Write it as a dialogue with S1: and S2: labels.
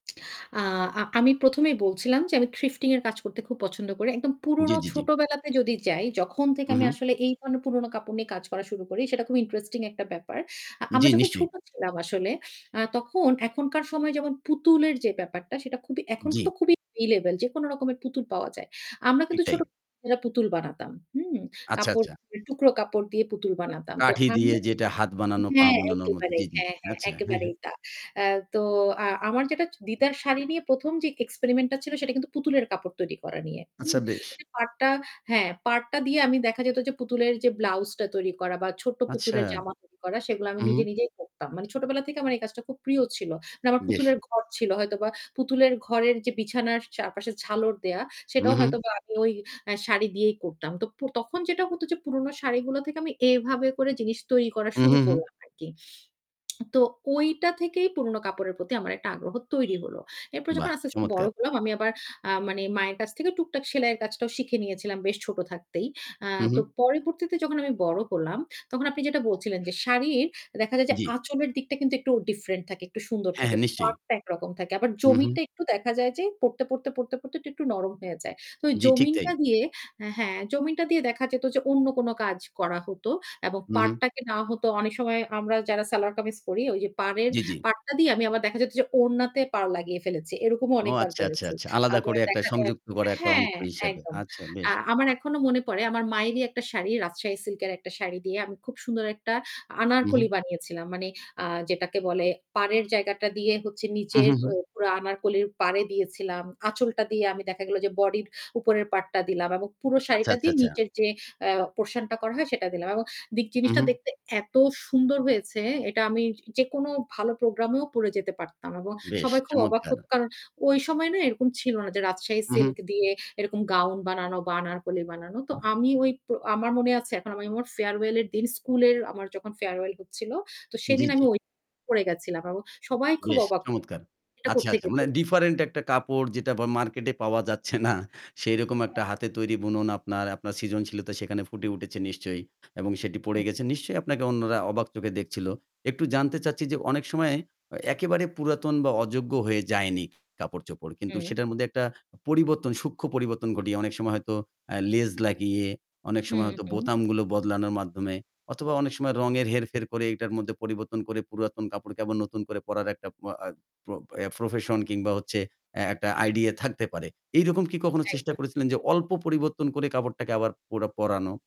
S1: আ আমি প্রথমেই বলছিলাম যে আমি থিফটিং এর কাজ করতে খুব পছন্দ করি। একদম
S2: জি,
S1: পুরনো
S2: জি, জি।
S1: ছোটবেলাতে যদি যাই, যখন থেকে
S2: হু,
S1: আমি
S2: হু।
S1: আসলে এই ধরনের পুরনো কাপড় নিয়ে কাজ করা শুরু করি সেটা খুব ইন্টারেস্টিং একটা ব্যাপার। আ আমরা
S2: জি,
S1: যখন
S2: নিশ্চয়ই।
S1: ছোট ছিলাম আসলে আ তখন এখনকার সময় যেমন পুতুলের যে ব্যাপারটা সেটা খুবই এখন তো
S2: জি।
S1: খুবই এভেইলেবল যেকোনো রকমের পুতুল পাওয়া যায়। আমরা
S2: ঠিক
S1: কিন্তু ছোট
S2: তাই।
S1: [unintelligible] পুতুল বানাতাম। হুম?
S2: আচ্ছা,
S1: কাপড়
S2: আচ্ছা।
S1: টুকরো কাপড় দিয়ে পুতুল বানাতাম। তো
S2: কাঠি
S1: আমি
S2: দিয়ে
S1: [unintelligible]
S2: যেটা হাত বানানো, পা
S1: হ্যাঁ,
S2: বানানোর মত।
S1: একেবারেই।
S2: জি, জি
S1: হ্যাঁ, হ্যাঁ
S2: আচ্ছা, হ্যাঁ, হ্যাঁ।
S1: একেবারেই তা। অ্যা তো আ আমার যেটা দিদার শাড়ি নিয়ে ১ম যে এক্সপেরিমেন্টটা ছিল সেটা কিন্তু পুতুলের কাপড় তৈরি করা নিয়ে,
S2: আচ্ছা
S1: হুম?
S2: বেশ।
S1: ঐযে পাড়টা হ্যাঁ, পাড়টা দিয়ে আমি দেখা যেত যে পুতুলের যে ব্লাউজটা তৈরি করা বা ছোট্ট
S2: আচ্ছা।
S1: পুতুলের জামা তৈরি করা সেগুলা আমি
S2: উহু।
S1: নিজে, নিজেই করতাম। মানে ছোটবেলা থেকে আমার এই কাজটা খুব প্রিয় ছিল। মানে আমার
S2: বেশ।
S1: পুতুলের ঘর ছিল, হয়তোবা পুতুলের ঘরের যে বিছানার চারপাশে ঝালর দেওয়া সেটাও
S2: উহু।
S1: হয়তোবা আমি ওই অ্যা শাড়ি দিয়েই করতাম। তো প তখন যেটা হতো যে পুরনো শাড়িগুলো থেকে আমি এভাবে করে জিনিস তৈরি করা শুরু
S2: উহু, হু।
S1: করলাম আর কি। তো ঐটা থেকেই পুরোনো কাপড়ের প্রতি আমার একটা আগ্রহ তৈরি হল। এরপর যখন
S2: বাহ!
S1: আস্তে, আস্তে বড়
S2: চমৎকার!
S1: হলাম আমি আবার আ মানে মায়ের কাছ থেকে টুকটাক সেলাইয়ের কাজটাও শিখে নিয়েছিলাম বেশ ছোট থাকতেই। আ
S2: হু,
S1: তো
S2: হু।
S1: পরবর্তীতে যখন আমি বড় হলাম, তখন আপনি যেটা বলছিলেন, যে শাড়ির দেখা যায় যে
S2: জি।
S1: আঁচলের দিকটা কিন্তু একটু ডিফারেন্ট থাকে, একটু সুন্দর
S2: হ্যাঁ,
S1: থাকে।
S2: হ্যাঁ নিশ্চয়ই।
S1: পাড়টা একরকম থাকে। আবার
S2: হু, হু।
S1: জমিনটা একটু দেখা যায় যে পড়তে, পড়তে, পড়তে, পড়তে একটু নরম হয়ে যায়। তো
S2: জি, ঠিক
S1: জমিনটা
S2: তাই।
S1: দিয়ে অ্যা হ্যাঁ জমিনটা দিয়ে দেখা যেত যে অন্য কোন কাজ করা হত। এবং
S2: হু, হু।
S1: পাড়টাকে না হতো অনেক সময় আমরা যারা সেলোয়ার কামিজ করি ওই যে পাড়ের
S2: জি, জি।
S1: পাড়টা দিয়ে আমি আবার দেখা যেত যে ওড়নাতে পাড় লাগিয়ে ফেলেছি। এরকমও
S2: ও
S1: অনেকবার
S2: আচ্ছা, আচ্ছা,
S1: করেছি।
S2: আচ্ছা। আলাদা
S1: আবার
S2: করে একটা
S1: দেখা যায়
S2: সংযুক্ত করা একটা অংশ
S1: হ্যাঁ,
S2: হিসেবে।
S1: একদম।
S2: আচ্ছা
S1: আ
S2: বেশ।
S1: আমার এখনো মনে পড়ে আমার মায়েরই একটা শাড়ি রাজশাহী সিল্ক এর একটা শাড়ি দিয়ে আমি খুব সুন্দর একটা
S2: হু,
S1: আনারকলি
S2: হু।
S1: বানিয়েছিলাম। মানে আ যেটাকে বলে পাড়ের জায়গাটা দিয়ে হচ্ছে নিচের
S2: উহু,
S1: ও
S2: হু।
S1: পুরা আনারকলির পাড়ে দিয়েছিলাম। আঁচলটা দিয়ে আমি দেখা গেল যে বডির উপরের পার্টটা দিলাম এবং পুরো
S2: আচ্ছা,
S1: শাড়িটা
S2: আচ্ছা,
S1: দিয়ে
S2: আচ্ছা।
S1: নিচের যে অ্যা পোরশনটা করা হয় সেটা দিলাম। এবং দিক জিনিসটা
S2: উহু।
S1: দেখতে এত সুন্দর হয়েছে এটা আমি যেকোনো ভালো প্রোগ্রামেও পড়ে যেতে পারতাম। এবং
S2: বেশ
S1: সবাই খুব অবাক
S2: চমৎকার!
S1: হত। কারণ ওই সময় না এরকম ছিল না যে রাজশাহী
S2: উহু।
S1: সিল্ক দিয়ে এরকম গাউন বানানো বা আনারকলি বানানো। তো আমি ওই আমার মনে আছে এখন আমি ফেয়ারওয়েল এর দিন স্কুলের আমার যখন ফেয়ারওয়েল হচ্ছিল তো
S2: জি,
S1: সেদিন
S2: জি।
S1: আমি ওই [unintelligible] পড়ে গেছিলাম। এবং সবাই খুব
S2: বেশ
S1: অবাক
S2: চমৎকার!
S1: [unintelligible] এটা
S2: আচ্ছা, আচ্ছা।
S1: কোত্থেকে
S2: মানে
S1: পড়েছি।
S2: ডিফারেন্ট একটা কাপড় যেটা বা মার্কেটে পাওয়া যাচ্ছে না। সেরকম একটা
S1: একদম।
S2: হাতে তৈরি বুনন আপনার, আপনার সৃজনশীলতা সেখানে ফুটে উঠেছে নিশ্চয়ই। এবং সেটি পড়ে
S1: হুম।
S2: গেছে। নিশ্চয়ই আপনাকে অন্যরা অবাক চোখে দেখছিল? একটু জানতে চাচ্ছি যে
S1: একদম।
S2: অনেক সময় অ একেবারে পুরাতন বা অযোগ্য হয়ে যায়নি কাপড়-চোপড়। কিন্তু
S1: হুম।
S2: সেটার মধ্যে একটা পরিবর্তন সূক্ষ্ম পরিবর্তন ঘটিয়ে অনেক সময় হয়তো অ্যা লেজ লাগিয়ে, অনেক
S1: হু,
S2: সময় হয়তো
S1: হু।
S2: বোতামগুলো বদলানোর মাধ্যমে, অথবা অনেক সময় রঙের হেরফের করে এটার মধ্যে পরিবর্তন করে পুরাতন কাপড়কে আবার নতুন করে পরার একটা প আ প অ্যা প্রফেশন কিংবা হচ্ছে অ্যা একটা আইডিয়া থাকতে পারে। এইরকম কি কখনো চেষ্টা
S1: একদম।
S2: করেছিলেন যে অল্প পরিবর্তন করে কাপড়টাকে আবার পরা পরানো?